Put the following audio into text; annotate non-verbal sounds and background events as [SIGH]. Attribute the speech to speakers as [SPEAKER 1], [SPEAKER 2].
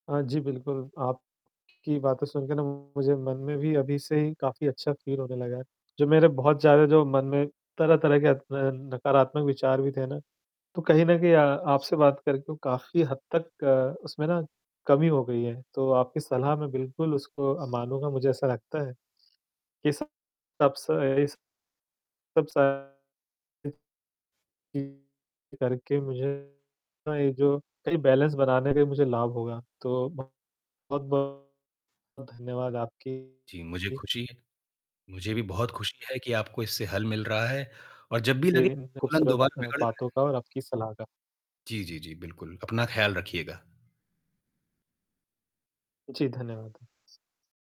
[SPEAKER 1] अ, जी, बिल्कुल आपकी बातें सुनके ना मुझे मन में भी अभी से ही काफ़ी अच्छा फ़ील होने लगा है, जो मेरे बहुत ज़्यादा जो मन में तरह-तरह के अ अ, नकारात्मक विचार भी थे ना तो कहीं न कहीं अ, आपसे बात करके काफ़ी हद तक अ, उसमें ना, कमी हो गई है, तो आपकी सलाह मैं बिल्कुल उसको अ, मानूँगा। मुझे ऐसा लगता है, कि सब [UNINTELLIGIBLE] करके मुझे ये जो बैलेंस बनाने में मुझे लाभ होगा। तो बहुत-बहुत धन्यवाद आपकी
[SPEAKER 2] जी मुझे खुशी है। मुझे भी बहुत खुशी है कि आपको इससे हल मिल रहा है और जब भी
[SPEAKER 1] ए
[SPEAKER 2] लगे
[SPEAKER 1] इन
[SPEAKER 2] तुरंत
[SPEAKER 1] ख़ूबसूरत
[SPEAKER 2] दोबारा
[SPEAKER 1] अ,
[SPEAKER 2] बिगड़ रहा है
[SPEAKER 1] बातों का और आपकी सलाह का।
[SPEAKER 2] जी, जी, जी बिल्कुल अपना ख्याल रखिएगा।
[SPEAKER 1] जी धन्यवाद।